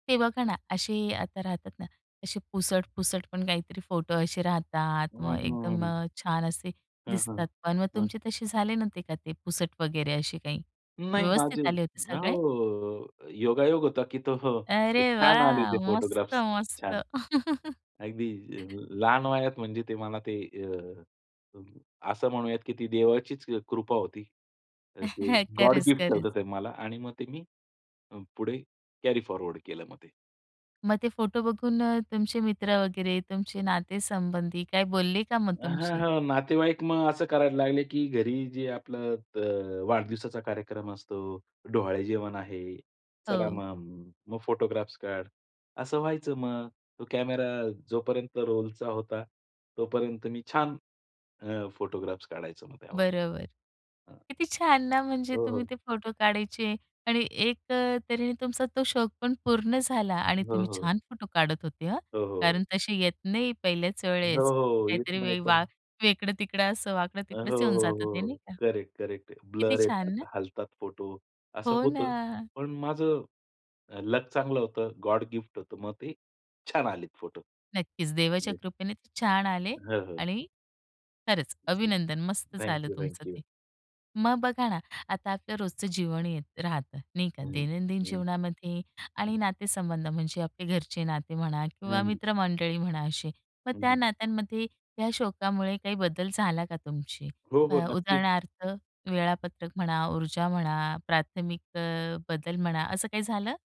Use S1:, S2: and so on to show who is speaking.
S1: ते बघा ना, असे आता राहतात ना, असे पुसट, पुसट पण काहीतरी फोटो असे राहतात,
S2: हं,
S1: मग एकदम
S2: हं.
S1: अ, छान असे
S2: हं, हं.
S1: दिसतात पण. मग
S2: हं.
S1: तुमचे तसे झाले नव्हते का ते पुसट वगैरे असे काही.
S2: नाही माझे
S1: व्यवस्थित आले होते
S2: अ, हो,
S1: सगळे?
S2: हो, हो. योगायोग होता की तो हो,
S1: अरे
S2: छान आले ते
S1: वाह! मस्त,
S2: फोटोग्राफ्स.
S1: मस्त.
S2: छान. अगदी अ, लहान वयात म्हणजे ते मला ते अ, असं म्हणूयात की ती देवाचीच अ, कृपा होती. ते गॉड
S1: खरंच,
S2: गिफ्ट
S1: खरंच.
S2: होतं ते मला आणि मग ते मी पुढे कॅरी फॉरवर्ड केलं मग ते.
S1: मग ते फोटो बघून अ, तुमचे मित्र वगैरे, तुमचे नातेसंबंधी काय बोलले का मग
S2: हां,
S1: तुमचे?
S2: हां, नातेवाईक मग असं करायला लागले की घरी जे आपलं अ, वाढदिवसाचा कार्यक्रम असतो, डोहाळे जेवण आहे, चला
S1: हो.
S2: मग. मग फोटोग्राफ्स काढ असं व्हायचं मग. तो कॅमेरा जोपर्यंत रोलचा होता, तोपर्यंत मी छान अ, फोटोग्राफ्स काढायचो मग त्यावर.
S1: बरोबर.
S2: हां.
S1: किती छान ना, म्हणजे
S2: हो,
S1: तुम्ही
S2: हो.
S1: ते फोटो काढायचे आणि एक अ, तऱ्हेने तुमचा तो शौक पण पूर्ण झाला आणि
S2: हो,
S1: तुम्ही
S2: हो.
S1: छान फोटो काढत होते हं.
S2: हो, हो.
S1: कारण तसे येत नाही पहिल्याच
S2: हो,
S1: वेळेस.
S2: हो, येत
S1: काहीतरी
S2: नाही
S1: वे
S2: पण
S1: वा वेकडं तिकडं असं वाकडं
S2: अ, हो,
S1: तिकडच येऊन
S2: हो,
S1: जात ते, नाही
S2: हो,
S1: का.
S2: करेक्ट, करेक्ट आहे.
S1: किती
S2: ब्लर
S1: छान
S2: येतात,
S1: ना.
S2: हलतात फोटो. असं
S1: हो
S2: होतं.
S1: ना.
S2: पण माझं लक चांगलं होतं. गॉड गिफ्ट होतं. मग ते छान आलेत फोटो.
S1: नक्कीच, देवाच्या
S2: येस.
S1: कृपेने ते छान आले.
S2: हं, हं.
S1: आणि खरंच, अभिनंदन. मस्त
S2: थँक
S1: झालं
S2: यू,
S1: तुमचं
S2: थँक यू.
S1: ते. मग बघा ना, आता आपलं रोजचं जीवन येत राहतं नाही का,
S2: हं.
S1: दैनंदिन
S2: हं.
S1: जीवनामध्ये आणि
S2: हं.
S1: नातेसंबंध म्हणजे आपले घरचे नाते म्हणा
S2: हं,
S1: किंवा
S2: हं.
S1: मित्र मंडळी म्हणा असे, मग त्या
S2: हं.
S1: नात्यांमध्ये या शौकामुळे काही बदल झाला का तुमची,
S2: हो, हो,
S1: अ,
S2: नक्कीच.
S1: उदाहरणार्थ, वेळापत्रक म्हणा, ऊर्जा म्हणा, प्राथमिक अ, बदल म्हणा, असं काही झालं?